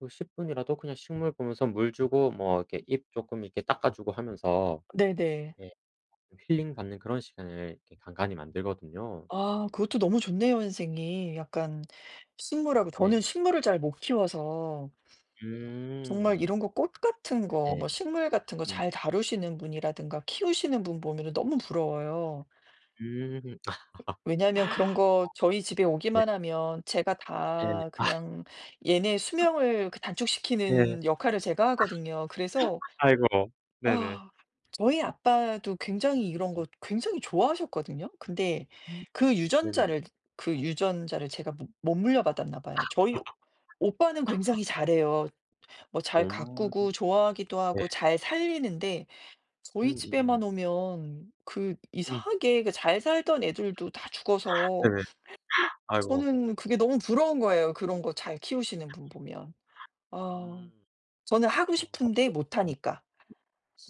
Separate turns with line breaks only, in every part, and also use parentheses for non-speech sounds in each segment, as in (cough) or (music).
그 10 분이라도 그냥 식물 보면서 물 주고 뭐 이렇게 입 쪼끔 이렇게 닦아주고 하면서
네네.
예 힐링 받는 그런 시간을 이렇게 간간히 만들거든요.
아 그것도 너무 좋네요 선생님, 약간 식물하고 저는
네.
식물을 잘못 키워서 정말
음.
이런 거 꽃 같은 거,
네.
뭐 식물 같은 거
음.
잘 다루시는 분이라든가 키우시는 분 보면은 너무 부러워요.
음. (laughs) 어.
왜냐하면 그런 거 저희 집에
네.
오기만 하면 제가
네네.
다
아.
그냥 얘네 수명을 그
예. 아.
단축시키는 역할을 제가 하거든요. 그래서
(laughs) 아이고. 네네.
아 저희 아빠도 굉장히 이런 거
음.
굉장히 좋아하셨거든요. 근데
음
그
네네.
유전자를 그 유전자를 제가 못 못 물려받았나 봐요. 저희 오빠는
(laughs)
굉장히 잘해요. 뭐 잘
음
가꾸고 좋아하기도
네.
하고 잘 살리는데 저희 집에만
음음음.
오면 그
음.
이상하게 그 잘 살던 애들도 다
(laughs)
죽어서
네네. 아이고.
저는 그게 너무 부러운 거예요 그런 거 잘 키우시는
(laughs)
분 보면. 어
음.
저는 하고 싶은데
(unintelligible)
못 하니까.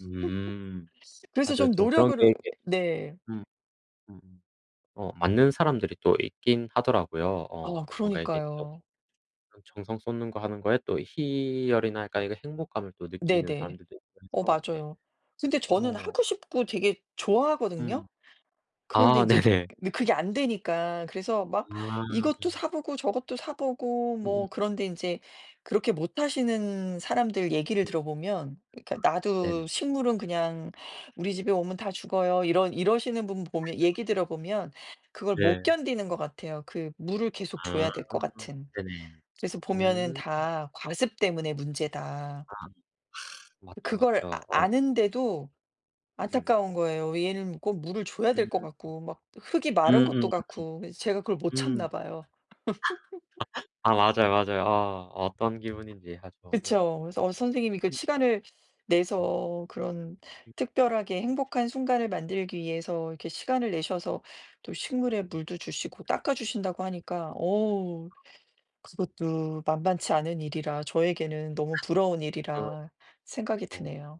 음.
그래서
맞아요
좀
좀 그런 게
노력으로
이렇게
네.
음. 음. 어 맞는 사람들이 또 있긴 하더라고요.
아
어 뭔가 이렇게 또
그러니까요.
그런 정성 쏟는 거 하는 거에 또 희열이랄까 행복감을 또 느끼는
네네.
사람들도 있고
어
해서 예.
맞아요. 근데 저는
어.
하고 싶고 되게 좋아하거든요?
음.
그런데
아
인제 그
네네.
느 그게 안 되니까 그래서 막 이것도
아.
사보고 저것도 사보고 뭐
음음.
그런데 인제 그렇게 못하시는 사람들 얘기를
음.
들어보면 그니까 "나도
네네.
식물은 그냥 우리 집에 오면 다 죽어요." 이런 이러시는 분 보면
(laughs)
얘기 들어보면 그걸 못
예.
견디는 것 같아요. 그 물을 계속
아
줘야 될 것 같은.
네네.
그래서 보면은
음.
다 과습 때문에 문제다.
아. 맞죠,
그걸 아
맞죠. 어.
아는데도
음.
안타까운 거예요. 얘는 꼭 물을 줘야 될
음.
것 같고, 막 흙이 마른 것도
음음음음.
같고 그래서 제가 그걸 못
음.
참나 봐요. (laughs)
(laughs) 아 맞아요, 맞아요. 아 어떤 기분인지 (unintelligible) 어.
그쵸. 그래서 어 선생님이 그
한
시간을 내서 그런
(unintelligible)
특별하게 행복한 순간을 만들기 위해서 이렇게 시간을 내셔서 또 식물에
음.
물도 주시고 닦아주신다고 하니까 어우 그것도 만만치 않은 일이라 저에게는 너무 부러운
(laughs)
일이라 생각이
음 (unintelligible)
드네요.